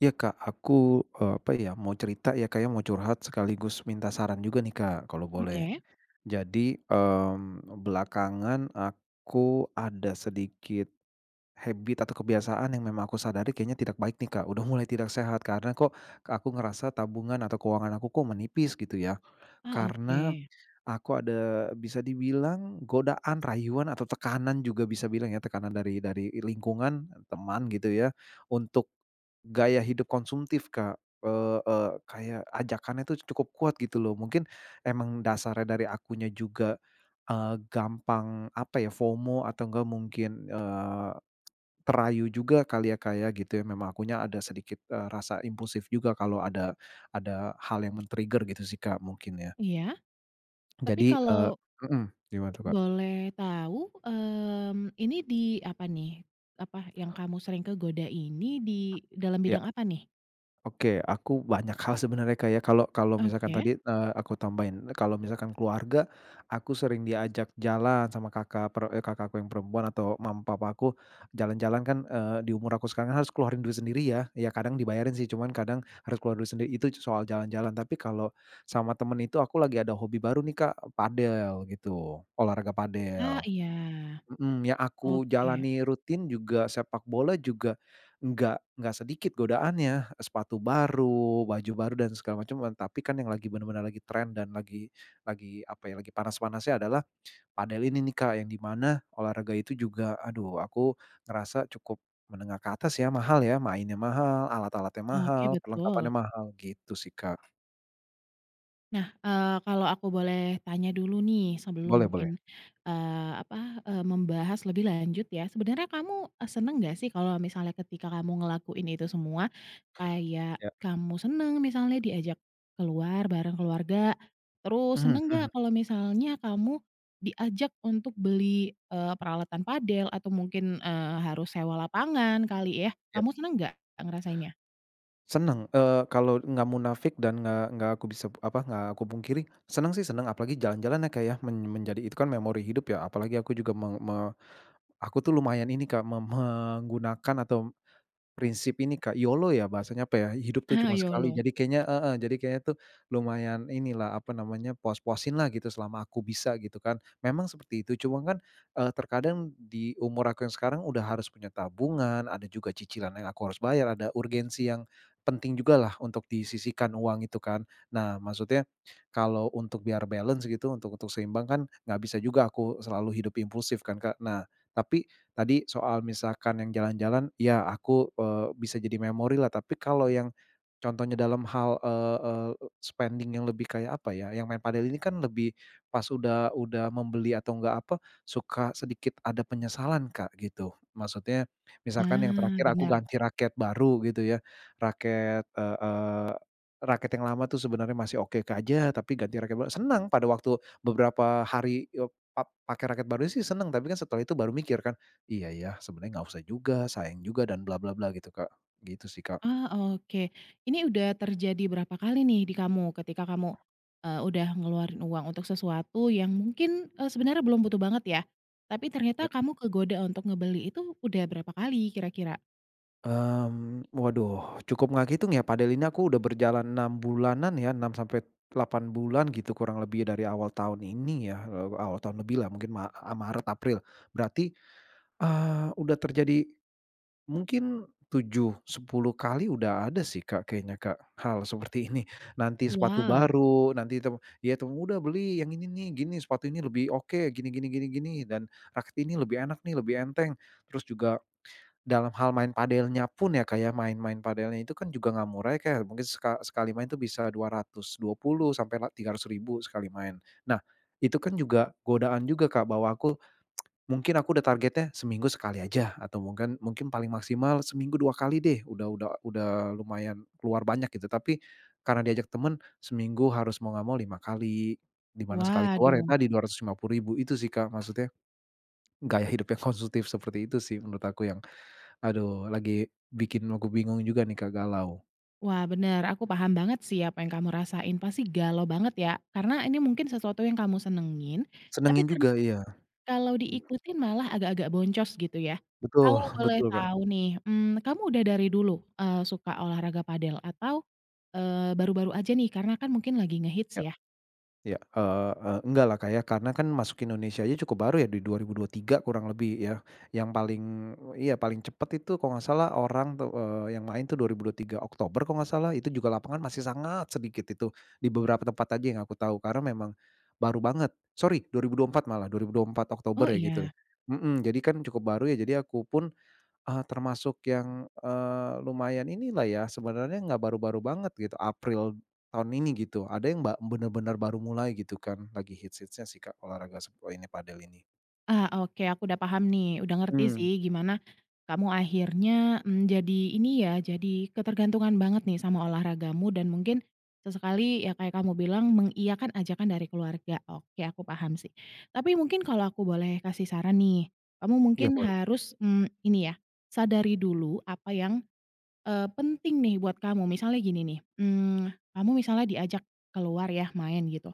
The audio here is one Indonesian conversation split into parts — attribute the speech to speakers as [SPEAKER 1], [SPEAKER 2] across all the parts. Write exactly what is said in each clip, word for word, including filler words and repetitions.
[SPEAKER 1] Iya, Kak, aku, eee, apa ya, mau cerita ya, Kak, ya, mau curhat sekaligus minta saran juga nih, Kak, kalau boleh.
[SPEAKER 2] Oke?
[SPEAKER 1] Jadi, mmm, belakangan aku ada sedikit habit, atau kebiasaan, yang memang aku sadari, kayaknya, tidak baik nih, Kak, udah mulai tidak sehat. Karena, "Kok aku ngerasa tabungan, atau keuangan aku, kok, menipis?" Gitu ya.
[SPEAKER 2] Ah,
[SPEAKER 1] Karena,
[SPEAKER 2] oke.
[SPEAKER 1] aku ada bisa dibilang godaan, rayuan, atau tekanan, juga bisa bilang, ya, tekanan dari dari lingkungan, teman, gitu ya. Untuk, gaya hidup konsumtif, Kak, eee, kayak ajakannya tuh, cukup kuat gitu loh. Mungkin, emang dasarnya dari akunya juga, eee, gampang, apa ya, FOMO, atau, nggak mungkin, eee, terayu juga kali, ya, Kak, ya, gitu ya. Memang, akunya ada sedikit, eee, rasa impulsif juga, kalau ada ada hal yang men-trigger, gitu sih Kak, mungkin, ya.
[SPEAKER 2] Iya. Tapi,
[SPEAKER 1] Jadi, eee
[SPEAKER 2] kalau
[SPEAKER 1] mhm, gimana tuh, Kak?
[SPEAKER 2] boleh tahu, mmm, ini, di, apa nih apa, yang kamu sering kegoda ini, di dalam
[SPEAKER 1] Iya.
[SPEAKER 2] bidang apa nih?
[SPEAKER 1] Oke, aku banyak hal sebenarnya, Kak, ya. Kalau kalau misalkan
[SPEAKER 2] Oke?
[SPEAKER 1] tadi, eee, aku tambahin kalau misalkan, keluarga, aku sering diajak jalan sama kakak per eee, kakakku yang perempuan, atau, mama, papaku, jalan-jalan kan, eee, di umur aku sekarang, harus keluarin duit sendiri ya ya kadang dibayarin sih, cuman, kadang harus keluar duit sendiri, itu, soal jalan-jalan. Tapi, kalau sama teman itu, aku lagi ada hobi baru nih, Kak, padel, gitu, olahraga
[SPEAKER 2] Ah,
[SPEAKER 1] padel
[SPEAKER 2] iya.
[SPEAKER 1] mhm, yang aku
[SPEAKER 2] Oke.
[SPEAKER 1] jalani rutin, juga, sepak bola juga, nggak nggak sedikit godaannya, sepatu baru, baju baru, dan segala macam. Tapi kan, yang, lagi benar-benar lagi trend, dan, lagi lagi, apa ya, lagi panas-panasnya adalah padel ini nih, Kak, yang di mana olahraga itu juga, aduh, aku ngerasa cukup menengah ke atas ya, mahal ya, mainnya mahal, alat-alatnya
[SPEAKER 2] Oke,
[SPEAKER 1] mahal,
[SPEAKER 2] betul.
[SPEAKER 1] perlengkapannya mahal, gitu sih, Kak.
[SPEAKER 2] Nah, eee, kalau aku boleh tanya dulu nih, sebelum
[SPEAKER 1] Boleh boleh.
[SPEAKER 2] mungkin, eee, apa, eee, membahas lebih lanjut, ya. Sebenarnya kamu, eee, senang nggak sih, kalau misalnya ketika kamu ngelakuin itu semua? Kayak,
[SPEAKER 1] Ya.
[SPEAKER 2] kamu senang misalnya diajak keluar bareng keluarga? Terus,
[SPEAKER 1] Mhm
[SPEAKER 2] senang
[SPEAKER 1] mhm.
[SPEAKER 2] nggak kalau misalnya kamu diajak untuk beli, eee, peralatan padel? Atau mungkin, eee, harus sewa lapangan, kali, ya?
[SPEAKER 1] Ya.
[SPEAKER 2] Kamu senang nggak ngerasainnya?
[SPEAKER 1] Senang, eee, kalau nggak munafik dan nggak nggak aku bisa, apa, nggak aku pungkiri, senang sih, senang, apalagi, jalan-jalan ya, Kak, ya. Men menjadi, itu kan, memori hidup, ya, apalagi aku juga meng me aku tuh, lumayan ini Kak, meng me menggunakan, atau prinsip ini, Kak, YOLO ya, bahasanya, apa ya, hidup tuh cuma sekali.
[SPEAKER 2] YOLO.
[SPEAKER 1] Jadi, kayaknya heeh, jadi kayanya tuh, lumayan inilah, apa namanya, puas-puasinlah, gitu, selama aku bisa, gitu kan, memang seperti itu. Cuma kan, eee, terkadang di umur aku yang sekarang, udah harus punya tabungan, ada juga cicilan yang aku harus bayar, ada urgensi yang penting jugalah, untuk disisihkan, uang itu kan. Nah, maksudnya kalau untuk biar balance, gitu, untuk untuk seimbang kan, nggak bisa juga aku selalu hidup impulsif kan, Kak. Nah, tapi tadi soal, misalkan yang jalan-jalan, ya, aku, eee, bisa jadi memorilah. Tapi, kalau yang contohnya dalam hal, eee, eee, spending yang lebih, kayak, apa ya, yang main padel, ini kan, lebih pas, udah udah membeli, atau enggak, apa, suka sedikit ada penyesalan Kak, gitu. Maksudnya, misalkan yang
[SPEAKER 2] Ah,
[SPEAKER 1] terakhir aku
[SPEAKER 2] benar.
[SPEAKER 1] ganti raket baru, gitu ya, raket, eee, eee, raket yang lama tuh, sebenarnya masih oke, Kak, ja tapi ganti raket baru senang, pada waktu beberapa hari, eee, pap pakai raket baru sih, senang. Tapi kan, setelah itu baru mikir kan, "Iya ya, sebenarnya nggak usah juga, sayang juga, dan, bla-bla-bla," gitu, Kak, gitu sih, Kak.
[SPEAKER 2] Ah, oke. Ini, udah terjadi berapa kali nih, di kamu? Ketika kamu, eee, udah ngeluarin uang untuk sesuatu yang mungkin, eee, sebenarnya belum butuh banget, ya? Tapi, ternyata
[SPEAKER 1] Ya.
[SPEAKER 2] kamu kegoda untuk ngebeli itu, udah berapa kali, kira-kira?
[SPEAKER 1] Mmm, waduh cukup nggak ngitung, ya, padel ini aku udah berjalan enam bulanan ya, enam sampai delapan bulan, gitu, kurang lebih dari awal tahun, ini ya, awal tahun lebihlah, mungkin ma eee, Maret, April berarti, eee, udah terjadi mungkin tujuh, sepuluh kali, udah ada sih, Kak, kayaknya, Kak, hal seperti ini, nanti sepatu
[SPEAKER 2] Wow.
[SPEAKER 1] baru, nanti tem ya teman "Udah beli, yang ini nih, gini, sepatu ini, lebih oke, gini gini gini gini," dan, "Raket ini, lebih enak nih, lebih enteng." Terus, juga dalam hal main padelnya pun, ya, kayak main main padelnya itu kan, juga nggak murah ya, Kak, ya. Mungkin, seka sekali main itu bisa dua ratus dua puluh sampailah tiga ratus ribu sekali main. Nah, itu kan, juga, godaan juga, Kak, bahwa aku mungkin aku udah targetnya seminggu sekali aja, atau mungkin mungkin paling maksimal seminggu dua kali deh, udah udah udah lumayan keluar banyak, gitu. Tapi, karena diajak teman seminggu, harus, mau nggak mau lima kali, di mana sekali keluar, ya,
[SPEAKER 2] Waduh.
[SPEAKER 1] tadi dua ratus lima puluh ribu itu sih, Kak. Maksudnya, gaya hidup yang konsumtif seperti itu sih, menurut aku, yang, aduh, lagi bikin aku bingung juga nih, Kak, galau.
[SPEAKER 2] Wah, benar, aku paham banget sih, apa yang kamu rasain, pasti, galau banget, ya? Karena, ini mungkin sesuatu yang kamu senengin, tapi
[SPEAKER 1] Senengin
[SPEAKER 2] ternyata
[SPEAKER 1] juga iya.
[SPEAKER 2] kalau diikutin, malah agak-agak boncos gitu, ya?
[SPEAKER 1] Betul
[SPEAKER 2] Kalau boleh
[SPEAKER 1] betul, Kak.
[SPEAKER 2] tahu nih, mmm, kamu udah dari dulu, eee, suka olahraga padel, atau, eee, baru-baru aja nih, karena kan, mungkin lagi ngehits,
[SPEAKER 1] Iya
[SPEAKER 2] ya?
[SPEAKER 1] iya, eee, e enggaklah, Kak, ya. Karena kan, masuk Indonesia aja cukup baru ya, di dua ribu dua puluh tiga kurang lebih ya, yang paling yang paling cepat, itu, kalau enggak salah, orang tuh, yang main tuh, dua ribu dua puluh tiga Oktober kalau enggak salah, itu juga lapangan masih sangat sedikit, itu, di beberapa tempat aja, yang aku tahu, karena memang baru banget sorry dua ribu dua puluh empat, malah dua ribu dua puluh empat Oktober
[SPEAKER 2] Oh,
[SPEAKER 1] ya, gitu
[SPEAKER 2] iya.
[SPEAKER 1] mhm, jadi kan, cukup baru, ya. Jadi, aku pun, eee, termasuk yang, eee, lumayan inilah ya, sebenarnya enggak baru-baru banget gitu, April tahun ini, gitu. Ada yang ba benar-benar baru mulai, gitu kan, lagi hits-hitsnya sih, Kak, olahraga, suk ini, padel, ini.
[SPEAKER 2] Ah, oke, aku udah paham nih, udah ngerti
[SPEAKER 1] Mmm.
[SPEAKER 2] sih, gimana kamu akhirnya, mmm, jadi, ini ya, jadi ketergantungan banget nih, sama olahragamu, dan mungkin sesekali yang, kayak, kamu bilang mengiyakan ajakan dari keluarga, oke, aku paham sih. Tapi, mungkin kalau aku boleh kasih saran nih, kamu
[SPEAKER 1] Iya,
[SPEAKER 2] mungkin
[SPEAKER 1] boleh.
[SPEAKER 2] harus, mmm, ini ya, sadari dulu apa yang, eee, penting nih, buat kamu. Misalnya, gini nih, mmm, kamu misalnya diajak keluar ya, main, gitu,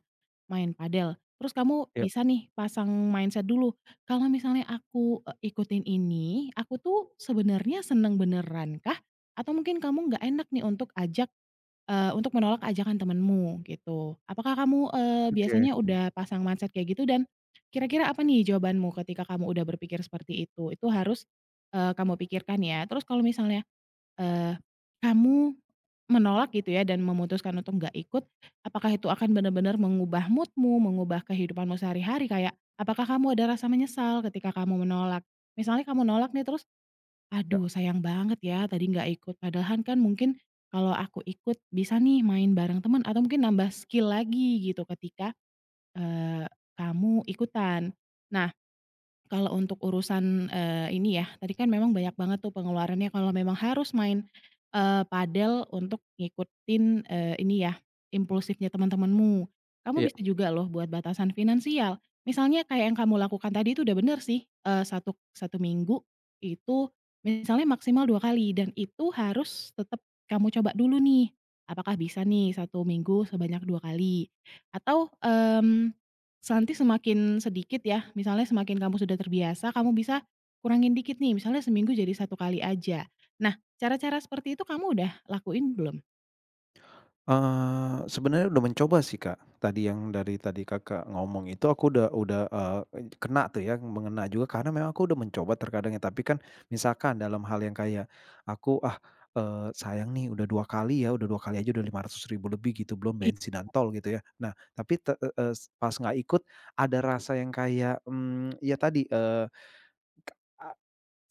[SPEAKER 2] main padel. Terus, kamu
[SPEAKER 1] Ya.
[SPEAKER 2] bisa nih, pasang mindset dulu, "Kalau misalnya aku, eee, ikutin ini, aku tuh sebenarnya senang beneran kah? Atau mungkin kamu nggak enak nih, untuk ajak, eee, untuk menolak ajakan temanmu," gitu. Apakah kamu, eee,
[SPEAKER 1] Oke,
[SPEAKER 2] biasanya
[SPEAKER 1] mhm.
[SPEAKER 2] udah pasang mindset kayak, gitu? Dan, kira-kira apa nih, jawabanmu ketika kamu udah berpikir seperti itu? Itu harus, eee, kamu pikirkan, ya. Terus, kalau misalnya, eee, kamu menolak, gitu ya, dan, memutuskan untuk nggak ikut, apakah itu akan benar-benar mengubah mood-mu, mengubah kehidupanmu sehari-hari? Kayak, apakah kamu ada rasa menyesal ketika kamu menolak? Misalnya, kamu nolak nih, terus
[SPEAKER 1] Ya.
[SPEAKER 2] "Aduh, sayang banget ya, tadi nggak ikut padahal kan, mungkin kalau aku ikut, bisa nih, main bareng teman, atau mungkin nambah skill lagi," gitu, ketika, eee, kamu ikutan. Nah, kalau untuk urusan, eee, ini ya, tadi kan, memang banyak banget tuh, pengeluarannya kalau memang harus main, eee, padel untuk ngikutin, eee, ini ya, impulsifnya teman-temanmu, kamu
[SPEAKER 1] Iya.
[SPEAKER 2] bisa juga loh buat batasan finansial. Misalnya, kayak yang kamu lakukan tadi itu, udah benar sih, eee, satu satu minggu itu, misalnya maksimal dua kali, dan itu harus tetap kamu coba dulu nih, apakah bisa nih, satu minggu sebanyak dua kali? Atau, mmm, nanti semakin sedikit, ya, misalnya, semakin kamu sudah terbiasa, kamu bisa kurangin dikit nih, misalnya, seminggu satu kali aja. Nah, cara-cara seperti itu kamu udah lakuin, belum?
[SPEAKER 1] Eee, sebenarnya udah mencoba sih, Kak, tadi yang dari tadi Kakak ngomong itu aku udah udah, eee, ed kena tuh ya, mengena juga karena memang aku udah mencoba terkadang ya, tapi kan misalkan dalam hal yang kayak aku, ah, eee, sayang nih udah dua kali ya, udah dua kali aja udah lima ratus ribu lebih gitu, belum
[SPEAKER 2] Iya.
[SPEAKER 1] bensin dan tol gitu ya. Nah, tapi te e es pas nggak ikut ada rasa yang kayak, mmm, ya tadi, eee, ke a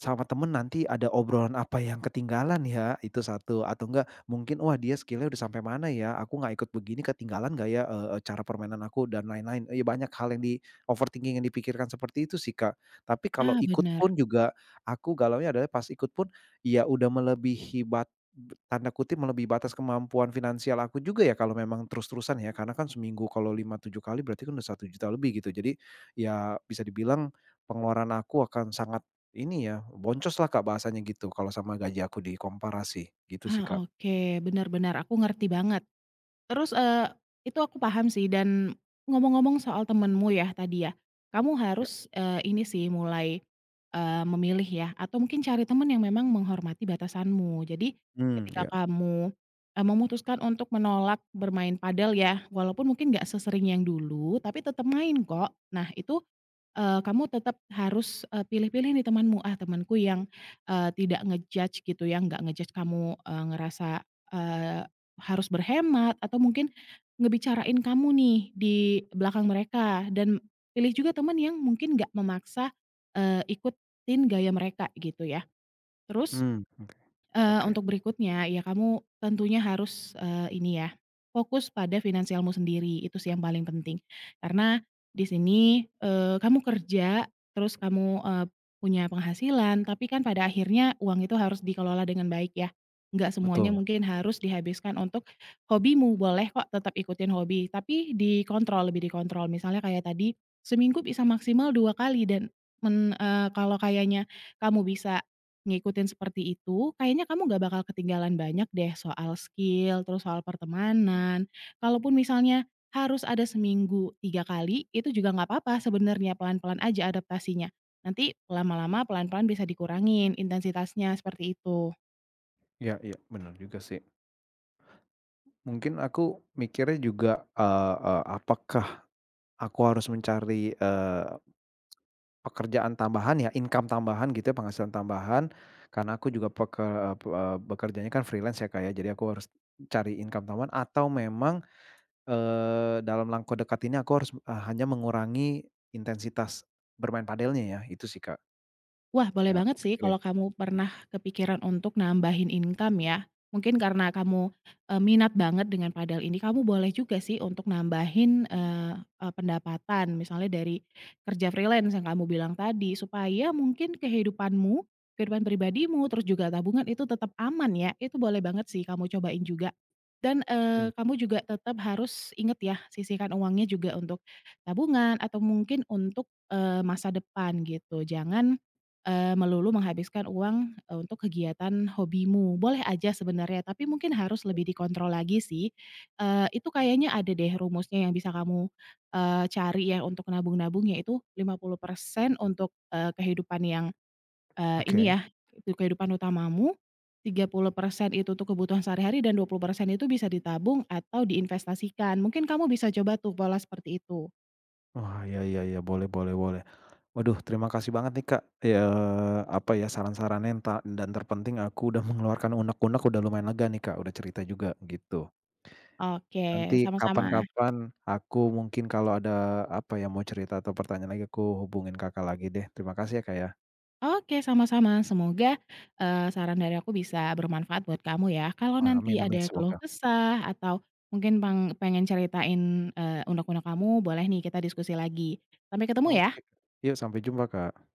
[SPEAKER 1] sama teman nanti ada obrolan, apa yang ketinggalan ya itu, satu atau enggak mungkin, wah dia skill-nya udah sampai mana ya, aku nggak ikut begini ketinggalan nggak ya, eee eee, cara permainan aku dan lain-lain, iya banyak hal yang di overthinking-in dipikirkan seperti itu sih, Kak. Tapi kalau
[SPEAKER 2] Ah
[SPEAKER 1] ikut pun
[SPEAKER 2] bener.
[SPEAKER 1] juga aku galaunya adalah pas ikut pun, ya udah melebihi bat be tanda kutip melebihi batas kemampuan finansial aku juga ya, kalau memang terus-terusan ya, karena kan seminggu kalau lima, tujuh kali berarti kan udah satu juta lebih gitu jadi, ya bisa dibilang pengeluaran aku akan sangat ini ya, boncos lah, Kak, bahasanya gitu, kalau sama gaji aku dikomparasi gitu sih, Kak.
[SPEAKER 2] Ah oke, benar-benar aku ngerti banget, terus, eee, itu aku paham sih dan ngomong-ngomong soal temanmu yah, tadi ya, kamu
[SPEAKER 1] Iya.
[SPEAKER 2] harus, eee, ini sih mulai, eee, memilih ya, atau mungkin cari teman yang memang menghormati batasanmu, jadi,
[SPEAKER 1] Mmm,
[SPEAKER 2] ketika
[SPEAKER 1] iya.
[SPEAKER 2] kamu, eee, memutuskan untuk menolak bermain padel ya, walaupun mungkin gak sesering yang dulu, tapi tetap main kok. Nah itu, eee, kamu tetap harus e pilih-pilih nih temanmu, ah temenku yang, eee, tidak nge-judge gitu ya, nggak nge-judge kamu, eee, ngerasa, eee, harus berhemat atau mungkin ngebicarain kamu nih di belakang mereka dan pilih juga teman yang mungkin nggak memaksa, eee, ikutin gaya mereka gitu ya. Terus,
[SPEAKER 1] Mhm,
[SPEAKER 2] eee,
[SPEAKER 1] oke.
[SPEAKER 2] untuk berikutnya ya, kamu tentunya harus, eee, ini ya fokus pada finansialmu sendiri itu sih yang paling penting, karena di sini, eee, kamu kerja, terus kamu, eee, punya penghasilan, tapi kan pada akhirnya uang itu harus dikelola dengan baik ya, nggak semuanya
[SPEAKER 1] Betul.
[SPEAKER 2] mungkin harus dihabiskan untuk hobimu, boleh kok tetap ikutin hobi, tapi dikontrol, lebih dikontrol. Misalnya kayak tadi seminggu bisa maksimal dua kali dan men eee, kalau kayaknya kamu bisa ngikutin seperti itu, kayaknya kamu gak bakal ketinggalan banyak deh soal skill terus soal pertemanan, kalaupun misalnya harus ada seminggu tiga kali, itu juga nggak papa sebenernya pelan-pelan aja adaptasinya, nanti lama-lama pelan-pelan bisa dikurangin intensitasnya, seperti itu.
[SPEAKER 1] Iya iya bener juga sih. Mungkin aku mikirnya juga, eee eee, apakah aku harus mencari, eee, pekerjaan tambahan ya, income tambahan gitu ya, penghasilan tambahan. Karena aku juga peker eee eee, bekerjanya kan freelance ya, Kak, ya, jadi aku harus cari income tambahan atau memang, eee, dalam langkah dekat ini aku harus b e hanya mengurangi intensitas bermain padelnya ya, itu sih, Kak.
[SPEAKER 2] Wah, boleh
[SPEAKER 1] Yang aku
[SPEAKER 2] banget sih
[SPEAKER 1] pikirin.
[SPEAKER 2] kalau kamu pernah kepikiran untuk nambahin income ya, mungkin karena kamu, eee, minat banget dengan padel ini, kamu boleh juga sih untuk nambahin eee, e pendapatan misalnya dari kerja freelance yang kamu bilang tadi, supaya mungkin kehidupanmu, kehidupan pribadimu terus juga tabungan itu tetap aman ya, itu boleh banget sih kamu cobain juga. Dan,
[SPEAKER 1] Mhm.
[SPEAKER 2] eee, kamu juga tetap harus ingat ya, sisihkan uangnya juga untuk tabungan atau mungkin untuk, eee, masa depan gitu, jangan, eee, melulu menghabiskan uang, eee, untuk kegiatan hobimu. Boleh aja sebenarnya, tapi mungkin harus lebih dikontrol lagi sih, eee, itu kayaknya ada deh rumusnya yang bisa kamu, eee, cari ya, untuk nabung nabung yaitu lima puluh persen untuk, eee, kehidupan yang, eee, ini
[SPEAKER 1] Oke.
[SPEAKER 2] ya, tuk kehidupan utamamu, tiga puluh persen itu tuh kebutuhan sehari-hari dan dua puluh persen itu bisa ditabung atau diinvestasikan. Mungkin kamu bisa coba tuh pola seperti itu.
[SPEAKER 1] Oh, iya iya iya, boleh boleh boleh. Waduh terima kasih banget nih, Kak, ya eee, apa ya saran-sarannya ntah n dan terpenting aku udah mengeluarkan unek-unek udah lumayan lega nih, Kak, udah cerita juga, begitu.
[SPEAKER 2] Oke,
[SPEAKER 1] Nanti
[SPEAKER 2] sama-sama.
[SPEAKER 1] kapan-kapan aku mungkin kalau ada apa ya, mau cerita atau pertanyaan lagi aku hubungin Kakak lagi deh, terima kasih ya, Kak, ya.
[SPEAKER 2] Oke sama-sama, semoga, eee, saran dari aku bisa bermanfaat buat kamu ya, kalau
[SPEAKER 1] Wah,
[SPEAKER 2] nanti
[SPEAKER 1] amin amin
[SPEAKER 2] ada keluh
[SPEAKER 1] semoga.
[SPEAKER 2] kesah atau mungkin pang pengen ceritain, eee, unek-unek kamu, boleh nih kita diskusi lagi. Sampai ketemu
[SPEAKER 1] Oke,
[SPEAKER 2] ya.
[SPEAKER 1] Kak, yu sampai jumpa, Kak.